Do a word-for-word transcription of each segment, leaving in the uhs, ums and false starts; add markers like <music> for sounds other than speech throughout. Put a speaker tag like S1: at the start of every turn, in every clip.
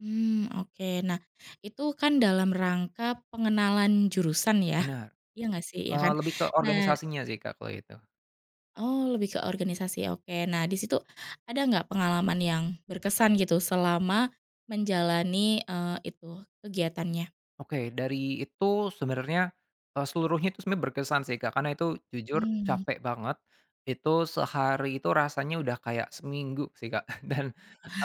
S1: Mmm, oke, nah itu kan dalam rangka pengenalan jurusan ya,
S2: Benar,
S1: iya gak sih? Iya
S2: eee,
S1: kan,
S2: lebih ke
S1: nah
S2: organisasinya sih, Kak, kalau itu.
S1: Oh, lebih ke organisasi, oke. Nah, disitu ada gak pengalaman yang berkesan gitu selama menjalani, eee, itu kegiatannya?
S2: Oke dari itu, sebenernya, eee, seluruhnya itu sebenernya berkesan sih, Kak, karena itu jujur
S1: Hmm.
S2: capek banget, itu sehari itu rasanya udah kayak seminggu sih, Kak, <chuckles> dan,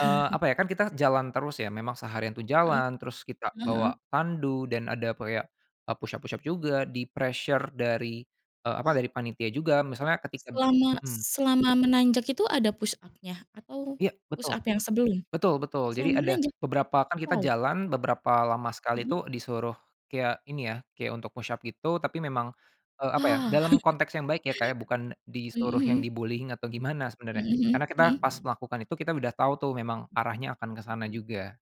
S2: eee, apa ya kan kita jalan terus ya memang seharian tuh
S1: Heeh
S2: jalan, terus kita
S1: heeh heeh.
S2: bawa tandu dan ada kayak, eee, push-up push-up juga, di pressure dari eee, apa dari panitia juga, misalnya ketika
S1: Selama s
S2: mhm.
S1: selama menanjak itu ada push-up-nya, atau
S2: Iya, betul.
S1: push-up yang sebelum?
S2: Betul betul,
S1: Selama
S2: jadi ada
S1: menanjak?
S2: beberapa kan kita
S1: Wow.
S2: jalan beberapa lama sekali
S1: Mhm.
S2: itu disuruh kayak ini ya, kayak untuk push-up gitu, tapi memang eee, apa ya,
S1: Ya.
S2: dalam
S1: <chuckles>
S2: konteks yang baik ya, Kak, ya, bukan disuruh
S1: Mhm
S2: yang
S1: mhm.
S2: di-bullying atau gimana sebenarnya,
S1: Mhm
S2: karena kita
S1: mhm
S2: pas
S1: mhm.
S2: melakukan itu kita udah tahu tuh memang arahnya akan ke sana juga.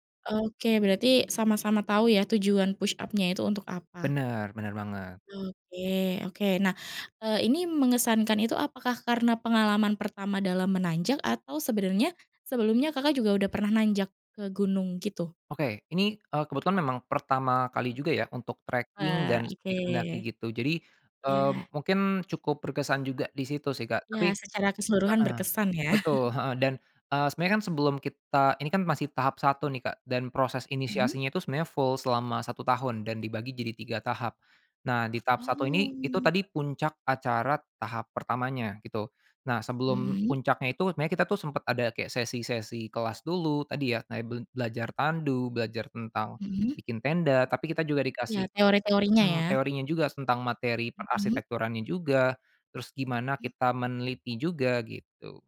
S1: Oke, berarti sama-sama tau ya tujuan push-up-nya itu untuk apa.
S2: Bener bener banget.
S1: Oke oke. Nah, eee, ini mengesankan itu apakah karena pengalaman pertama dalam menanjak, atau sebenarnya sebelumnya, Kakak, juga udah pernah nanjak ke gunung gitu?
S2: Oke, ini, eee, kebetulan memang pertama kali juga ya untuk tracking
S1: Wah,
S2: dan
S1: oke.
S2: sedikit mendaki gitu. Jadi, eee,
S1: Ya.
S2: mungkin cukup berkesan juga disitu sih, Kak,
S1: Ya,
S2: tapi
S1: secara keseluruhan
S2: heeh,
S1: berkesan ya. <chuckles>
S2: betul, heeh, dan, eee, sebenarnya kan sebelum kita, ini kan masih tahap satu nih, Kak, dan proses
S1: Mhm.
S2: inisiasinya itu sebenarnya full selama satu tahun dan dibagi jadi tiga tahap. Nah, di tahap satu ini, itu
S1: Oh.
S2: tadi puncak acara tahap pertamanya, gitu. Nah, sebelum
S1: Mhm.
S2: puncaknya itu, sebenarnya kita tuh sempet ada kayak sesi-sesi kelas dulu tadi ya, kayak be belajar tandu, belajar tentang
S1: Mhm.
S2: bikin tenda tapi kita juga dikasih,
S1: Iya, teori-teorinya
S2: hmm,
S1: ya.
S2: teorinya juga tentang materi
S1: Mhm.
S2: perarsitekturannya juga terus gimana kita meneliti juga gitu.